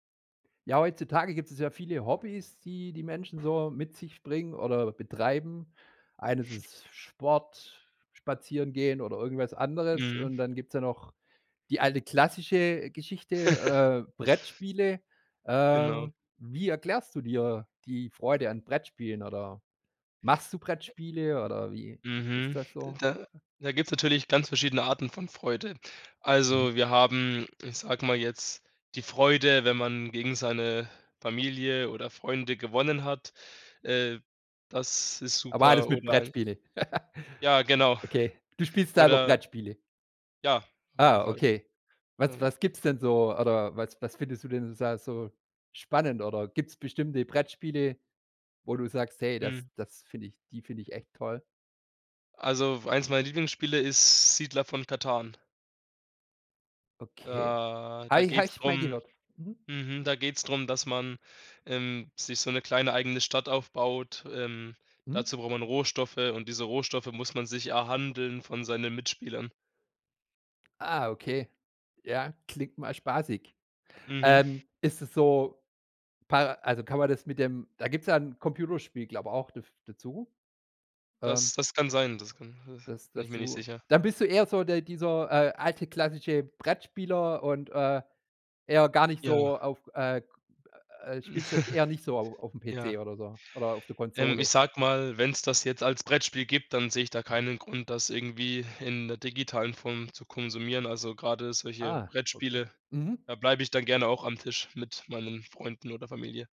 Ja, heutzutage gibt es ja viele Hobbys, die die Menschen so mit sich bringen oder betreiben. Eines ist Sport, Spazierengehen oder irgendwas anderes. Mhm. Und dann gibt's ja noch die alte klassische Geschichte, äh, Brettspiele. Genau. Ähm, wie erklärst du dir die Freude an Brettspielen oder machst du Brettspiele oder wie ist Mhm. das D so? da da gibt's natürlich ganz verschiedene Arten von Freude. Mhm. Also, wir haben, ich sage mal jetzt, die Freude, wenn man gegen seine Familie oder Freunde gewonnen hat. Äh, das ist Aber alles super mit oder ein Brettspiele. Ja, genau. Okay. Du spielst selber Oder Brettspiele? Ja, auf jeden Ah, Fall. okay. Was Ähm was gibt's denn so, oder was was findest du denn da so spannend, oder gibt's bestimmte Brettspiele, wo du sagst: „Hey, Mhm. das das finde ich die finde ich echt toll.“? Also, eins meiner Lieblingsspiele ist „Siedler von Katan“. Okay. Da Habe da ich habe geht's ich mal drum gehört. Mhm. mhm, da geht's drum, dass man, ähm, sich so 'ne kleine eigene Stadt aufbaut. Ähm, Mhm. dazu braucht man Rohstoffe und diese Rohstoffe muss man sich erhandeln von seinen Mitspielern. Ah, okay, ja, klingt mal spaßig. Mhm. Ähm, ist es so, pa also, kann man das mit dem da gibt es ja 'n Computerspiel, glaube ich, daf dazu. Ähm Das das kann sein, das kann s Das bin ich das mir nicht du sicher. dann bist du eher so der dieser, äh, alte klassische Brettspieler und, äh, eher gar nicht Ja. so auf, äh, k äh spielst das eher nicht so au aufm PC Ja. oder so oder auf der Ähm, ich Konsole. sage mal, wenn's das jetzt als Brettspiel gibt, dann sehe ich da Mhm. keinen Grund, das irgendwie in der digitalen Form zu konsumieren. Also, grade solche Ah, okay. Brettspiele, Mhm. da bleib ich dann gerne auch am Tisch mit meinen Freunden oder Familie.